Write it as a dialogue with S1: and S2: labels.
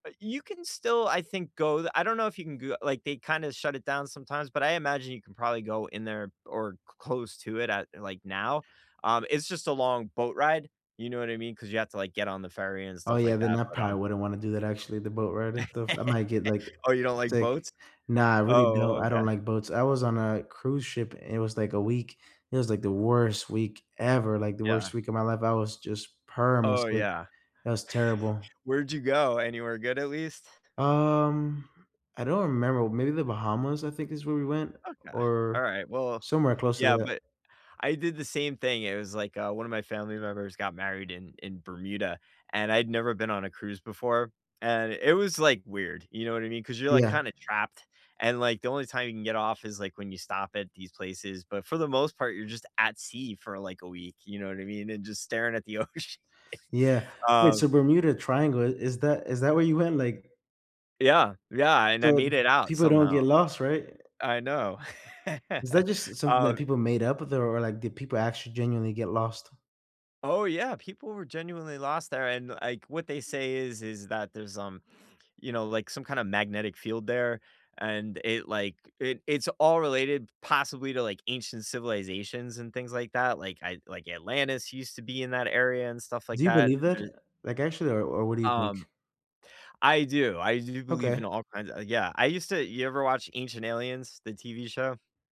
S1: Uh, you can still I think, go th I don't know if you can g like, they kinda shut it down sometimes, but I imagine you can probably go in there, or c close to it at, like, now, um, it's just a long boat ride, you know what I mean, 'cause you have to, like, get on the ferry and
S2: Oh,
S1: stuff
S2: yeah,
S1: like
S2: then
S1: that,
S2: I
S1: but, um
S2: probably wouldn't wanna do that actually, the boat ride and stuff. I might get, like,
S1: Oh, you don't like
S2: sick.
S1: boats?
S2: Nah, I really
S1: Oh,
S2: don't I
S1: okay.
S2: don't like boats. I was on a cruise ship and it was, like, a week, it was, like, the worst week ever, like, the
S1: Yeah.
S2: worst week of my life, I was just perm it's
S1: Oh,
S2: like,
S1: yeah.
S2: it was terrible.
S1: Where'd you go? Anywhere good at least?
S2: Um, I don't remember, maybe the Bahamas, I think, is where we went,
S1: Okay.
S2: or
S1: Alright, well
S2: somewhere close to
S1: yeah,
S2: that.
S1: but I did the same thing, it was like, uh, one of my family members got married in in Bermuda, and I'd never been on a cruise before, and it was, like, weird, you know what I mean, 'cause you're, like,
S2: Yeah.
S1: kinda trapped, and, like, the only time you can get off is, like, when you stop at these places, but for the most part, you're just at sea for, like, a week, you know what I mean, and just staring at the ocean.
S2: Yeah. Wait, so,
S1: Um
S2: Bermuda Triangle, i is that is that where you went? Like
S1: Yeah. Yeah, and I
S2: So,
S1: made it out,
S2: people don't
S1: somehow.
S2: get lost, right?
S1: I know.
S2: Is that just s something that
S1: Um,
S2: people
S1: eh
S2: made up, or there or, like, did people actually genuinely get lost?
S1: Oh, yeah, people were genuinely lost there, and, like, what they say is is that there's, um, you know, like, some kinda magnetic field there, and it like, it it's all related possibly to, like, ancient civilizations and things like that, like, I like, Atlantis used to be in that area and stuff like
S2: Do you
S1: that,
S2: believe that?
S1: and eh
S2: Eh, like, actually, or or what do you think?
S1: Um, I do, I do believe
S2: Okay.
S1: in all kinds o yeah, I used to you ever watch Ancient Aliens, the TV show?